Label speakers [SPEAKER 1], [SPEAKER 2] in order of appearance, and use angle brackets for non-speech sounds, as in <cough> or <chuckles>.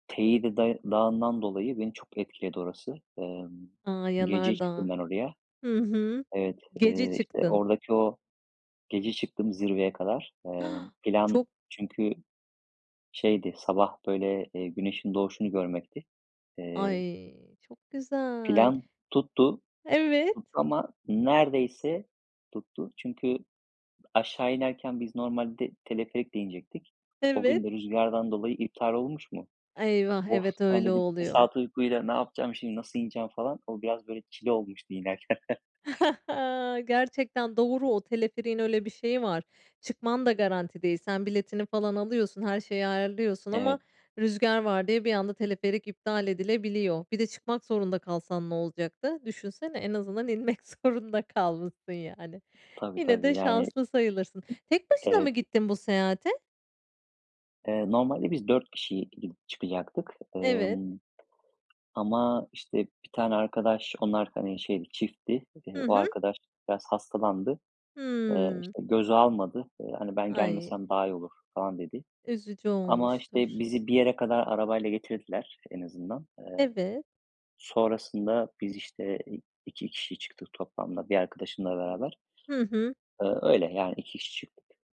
[SPEAKER 1] Teide day Dağı'ndan dolayı beni çok etkiledi orası. Emm,
[SPEAKER 2] A,
[SPEAKER 1] gece çıktım
[SPEAKER 2] yanardağ.
[SPEAKER 1] ben oraya.
[SPEAKER 2] Hı hı.
[SPEAKER 1] Evet,
[SPEAKER 2] Gece
[SPEAKER 1] eee, işte,
[SPEAKER 2] çıktın.
[SPEAKER 1] oradaki o gece çıktım zirveye kadar. Emm,
[SPEAKER 2] Ha.
[SPEAKER 1] plan
[SPEAKER 2] Çok
[SPEAKER 1] çünkü şeydi, sabah böyle, eee, güneşin doğuşunu görmekti. Eee
[SPEAKER 2] Ay, çok güzel.
[SPEAKER 1] Plan tuttu, tuttu
[SPEAKER 2] Evet.
[SPEAKER 1] ama neredeyse tuttu. Çünkü aşağı inerken biz normalde teleferikle inecektik. O gün
[SPEAKER 2] Evet.
[SPEAKER 1] de rüzgardan dolayı iptal olmuş mu?
[SPEAKER 2] Eyvah.
[SPEAKER 1] Of
[SPEAKER 2] Evet,
[SPEAKER 1] ben
[SPEAKER 2] öyle
[SPEAKER 1] dedim: "2
[SPEAKER 2] oluyor.
[SPEAKER 1] saat uykuyla ne yapacağım şimdi, nasıl ineceğim?" falan. O biraz böyle çile olmuştu inerken. <chuckles>
[SPEAKER 2] <chuckles> Gerçekten doğru, o teleferiğin öyle bir şeyi var. Çıkman da garanti değil. Sen biletini falan alıyorsun, her şeyi ayarlıyorsun ama
[SPEAKER 1] Evet.
[SPEAKER 2] rüzgâr var diye bir anda teleferik iptal edilebiliyor. Bir de çıkmak zorunda kalsan ne olacaktı? Düşünsene en azından inmek zorunda kalmışsın yani.
[SPEAKER 1] Tabii
[SPEAKER 2] Yine de
[SPEAKER 1] tabii yani,
[SPEAKER 2] şanslı sayılırsın. Tek başına mı
[SPEAKER 1] evet.
[SPEAKER 2] gittin bu seyahate?
[SPEAKER 1] Eee, normalde biz 4 kişi, iii, çıkacaktık,
[SPEAKER 2] Evet.
[SPEAKER 1] ımm ama, işte, 1 tane arkadaş, onlar, hani, şeydi, çiftti. Eee,
[SPEAKER 2] Hı
[SPEAKER 1] o
[SPEAKER 2] hı.
[SPEAKER 1] arkadaş biraz hastalandı. Eee,
[SPEAKER 2] Hımm.
[SPEAKER 1] işte, göze almadı. Eee, hani, ben
[SPEAKER 2] Ay.
[SPEAKER 1] gelmesem daha iyi olur falan dedi
[SPEAKER 2] Üzücü
[SPEAKER 1] ama,
[SPEAKER 2] olmuştur.
[SPEAKER 1] işte, bizi bir yere kadar arabayla getirdiler en azından. Eee,
[SPEAKER 2] Evet.
[SPEAKER 1] sonrasında biz, işte, iii, 2 kişi çıktık toplamda 1 arkadaşımla beraber.
[SPEAKER 2] Hı hı.
[SPEAKER 1] Iıı öyle, yani, 2 kişi çıktık.